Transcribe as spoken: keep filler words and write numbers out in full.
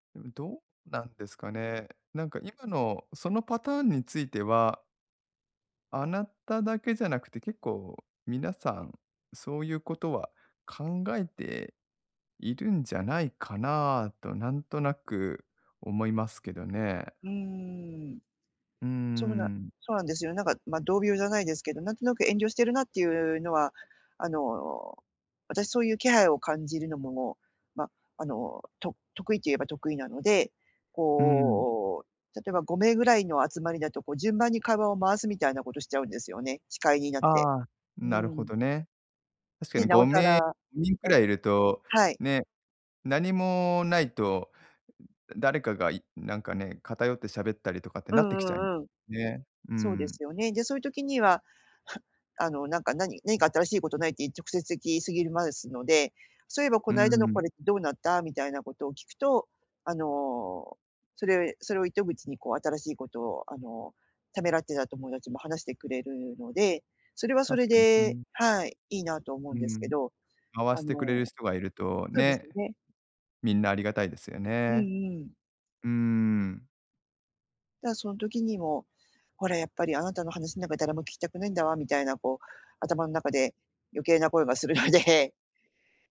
でも、どうなんですかね。なんか、今のそのパターンについてはあなただけじゃなくて、結構皆さん、そういうことは考えているんじゃないかなと、なんとなく思いますけどね。うーん。うーそうなん。そうなんですよ。なんか、ま、同業じゃないですけど、なんとなく遠慮してるなっていうのは、あの、私そういう気配を感じるのもも、ま、あの、と得意と言えば得意なので、うん。こう、例えばごめいぐらいの集まりだと、こう順番に会話を回すみたいなことしちゃうんですよね。司会になって。ああ、うなるーほん。どね。確かで、になおごさめいら人くうん、らいいると、はい。ね、なにもないと、誰かが、いなんかね、偏って喋ったりとかってうなってんきちゃにうんうん。ね。うそうでん。すよね。で、そういう時には、あの、なんか、なになにか新しいことないってい直接聞いすぎるまうすので、「そういえば、こうの間のん。これってどうなった？」みたいなことを聞くと、あの、それそれを糸口に、こう、新しいことを、あの、ためらってた友達も話してくれるので、それはそ確れかに。うでん。はい、いいなと思うんうですけん。ど、回あしてくれるの人がいるとそうですね。ね。みんなありがたいですようね。んうん。うーん。だその時にも、ほら、やっぱり「あなたの話の中なんか、誰も聞きたくないんだわ」みたいな、こう、頭の中で余計な声がするので。